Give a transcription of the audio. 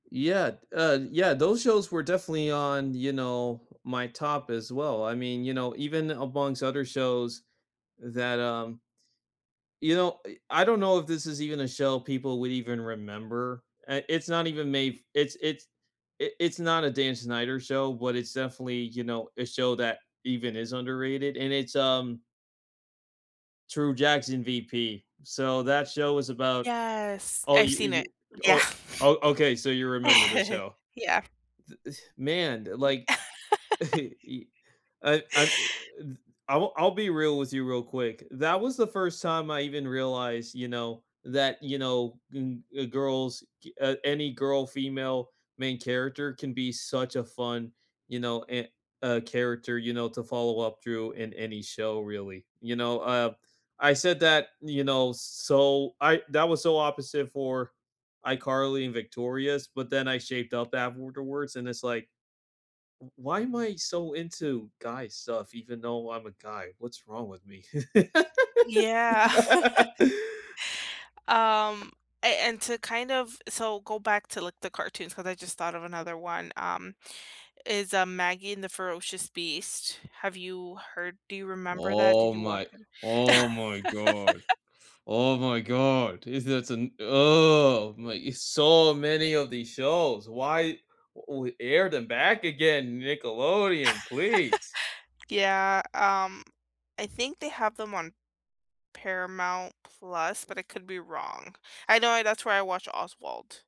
Yeah, uh, yeah, those shows were definitely on, you know, my top as well. I mean, you know, even amongst other shows that, um, you know, eh I don't know if this is even a show people would even remember, and it's not even made f it's it's i it's not a Dan Snyder show, but it's definitely, you know, a show that even is underrated, and it's um True Jackson, VP, so that show is about Yes, oh, I've seen it. you you Yeah. oh, okay, so you remember the show. Yeah. The th man, Ye like, i I, um, th I w I'll be real with you real quick. That was the first time I even realized, you know, that, you know, n eh, girls gi uh, any girl female main character can be such a fun, you know, and a character, you know, to follow up through in any show really. You know, uh, I said that, you know, so I that was so opposite for iCarly and Victorious, but then I shaped up afterwards, and it's like "W why am I so into guy stuff even though I'm a guy? What's wrong with me?" Yeah. Um, a and to kind of so go back to, like, the cartoons cause I, just, thought of another one, um, is, uh, Maggie and the Ferocious Beast. Have you heard do you remember that? Oh Did you watch my it? oh my god. Oh my god. Is that an ugh, my it's so many of these shows, why we air them back again, Nickelodeon, please? Yeah, um, I think they have them on Paramount Plus, but it could be wrong. I know that's where I watch Oswald.